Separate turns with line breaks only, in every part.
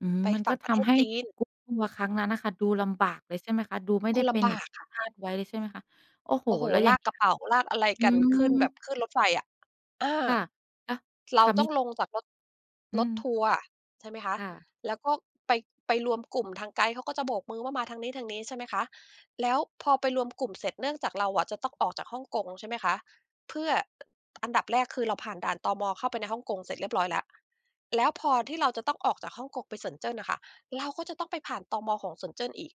อืม
ไป
มัน
ฝั
ก
่
็
งป
ท
ระเท
ำ
ศ
ให้
จีน
group ทัวร์ครั้งนั้นอะค่ะ ดูลำบากเลย ใช่ไหมคะ ดูไม่
ก
ไ
็
ด้
ล
เป็น
ำบ
อย่
า
าง
กค่ะ
คาดไว้เลย ใช่ไหมคะ โอ้โฮ
โอ้โฮ
แล้วอ
ล
ย่า
า
ง
ก
เงี
ก
้
ร
ย
ะเป๋า ลากอะไร
อื
กันขึ้นแบบ
ม
ขึ้นรถไฟอะ อา
ค่ะ อ
เร
ค
า
่ะ
ต
ม
้อ
ิ
ง
จ
ลงจากรถ
อื
รถท
ม
ัวร์ ใช่ไหมคะ
ค่ะ
แล้วก็ไป ไปรวมกลุ่ม ทางไกด์เขาก็จะโบกมือว่ามาทางนี้ ๆ ใช่ไหมคะ แล้วพอไปรวมกลุ่มเสร็จ เนื่องจากเราอะจะต้องออกจากฮ่องกง ใช่ไหมคะ เพื่อ อ อันดับแรก คือเราผ่านด่าน ตม. เข้าไปในฮ่องกงเสร็จเรียบร้อยแล้ว แล้วพอที่เราจะต้องออกจากฮ่องกงไป Shenzhen อะค่ะ เราก็จะต้องไปผ่าน ตม.ของ Shenzhen อีก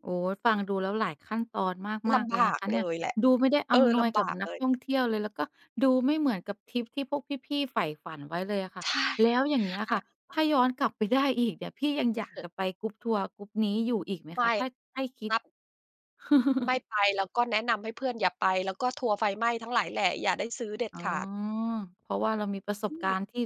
โอ้ ฟังดูแล้วหลายขั้นตอนม
ล
าก ๆ เ
ำ
ล
บ
ยน
า
ะค
ก
ะ
เ
เนี
ล
่ย
ยแหละ
ดูไม่ได้
เอ
อ
อ
ำน
ล
วย
ำบ
กับ
าก
น
เ
ั
ล
ก
ย
ท่องเที่ยวเลย แล้วก็ดูไม่เหมือนกับทริปที่พวกพี่ ๆ ใฝ่ฝันไว้เลยอะค่
ใ
ะ
ช่
แล้วอย่างเงี้ย
อ
ค่ะ
า
ถ้าย้อนกลับไปได้อีกเนี่ย พี่ยังอยาก
เออ
จะไป group ทัวร์ group นี้อยู่อีกไหม
ไม
คะ?
่
ถ้าให้คิ
น
ด
ับ ไม่ไป แล้วก็แนะนำให้เพื่อนอย่าไป แล้วก็ทัวร์ไฟไหม้ทั้งหลายแหล่อย่าได้ซื้อเด็ด
อ๋อ
ขาด
เพราะว่าเรามีประส
อื
บก
ม
ารณ์ที่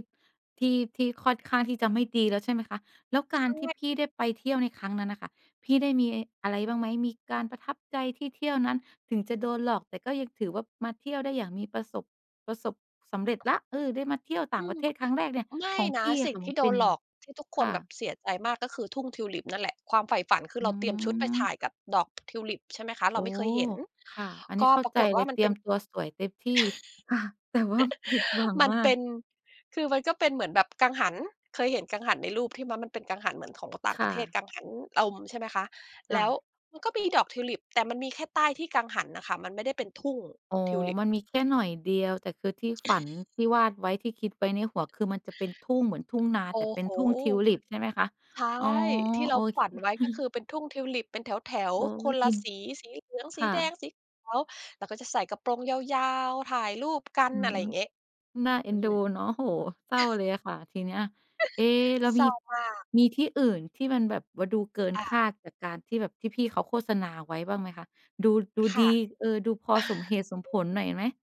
ที่ ที่ค่อนข้างที่จะไม่ดีแล้ว ใช่ไหมคะ แล้วก
ใช
ารที่
่
พี่ได้ไปเที่ยวในครั้งนั้นน่ะค่ะ พี่ได้มีไอ้ อะไรบ้างไหม? มีการประทับใจที่เที่ยวนั้น ถึงจะโดนหลอก แต่ก็ยังถือว่ามาเที่ยวได้อย่างมีประสบ ประสบ สำเร็จแล้ว เออ ได้มาเที่ยวต่
อ
าง
ื
ปร
ม
ะเทศครั้งแรกเนี่ย
ไม่
ของ
น
พ
ะ
ี่อ
ส
ะ
ิ่
ค
ง
่ะ
ท
ม
ี
ัน
่โด
เป็น
น
ย
ห
ั
ล
ง
อกที่ทุกค
ค
น
่
แบบ
ะ
เสียใจมาก ก็คือทุ่งทิวลิปนั่นแหละ ความใฝ่ฝันคือ
อื
เราเตรียมชุดไปถ่
ม
ายกับดอก ทิวลิป ใช่ไหมคะ เร
โ
า
อ้
ไม่เคยเห็น
ค่ะ อันนี
ก
้
็
เข้า
ปรา
ใจ
กฏ
เ
ว
ล
่า
ย
มั
เต
น
ร
เ
ี
ป็
ยม
น
ตัวสวยเต็มที่ แต่ว่าผิดหวัง
มัน
มา
เป
ก
็น คือมันก็เป็นเหมือนแบบกังหัน เคยเห็นกังหันในรูปที่ ม มันเป็นกังหันเหมือนของก็ อ ต่าง
ค
ป
่
ระเทศ
ะ
กังหันลม ใช่ไหมคะ
ค
แล
่
้ว
ะ
มันก็มีดอกทิวลิป แต่มันมีแค่ใต้ที่กังหันน่ะค่ะ มันไม่ได้เป็นทุ่ง
อ๋
ท
อ
ิวลิป
มันมีแค่หน่อยเดียว แต่คือที่ฝัน ที่วาดไว้ ที่คิดไว้ในหัว คือมันจะเป็นทุ่งเหมือนทุ่งนา
โอ้
แต่เป็
โ
น
ฮ
ทุ่งทิวลิป ใช่ไหมคะ?
ใช่
อ๋อ
ที่เ
โ
ร
อ
า
เ
ฝ
ค
ันไว้ ก็คือเป็นทุ่งทิวลิปเป็นแถว
โอ๊
ๆ ค
ย
นล
อ
ะ
ิน
สี สีเหลือง
ค
สี
่
แดง
ะ
สีขาว เราก็จะใส่กระโปรงยาว ๆ ถ่ายรูป กัน
อื
อะไ
ม
รอย่างงี้
น่าเอ็
อื
นด
ม
ูเนาะ โอ้โฮ เศร้าเลยอะค่ะทีเนี้ย เอ๊ แล้ว
เศ
ม
ร้
ี
ามาก
มีที่อื่นที่มันแบบว่าดูเกิน
ค่
คา
ะ
ดจากการที่แบบ ที่พี่เขาโฆษณาไว้บ้างไหมคะ? ดู ดู
ค
ดี
่ะ
เออ ดูพอสมเหตุสมผลหน่อยไหม?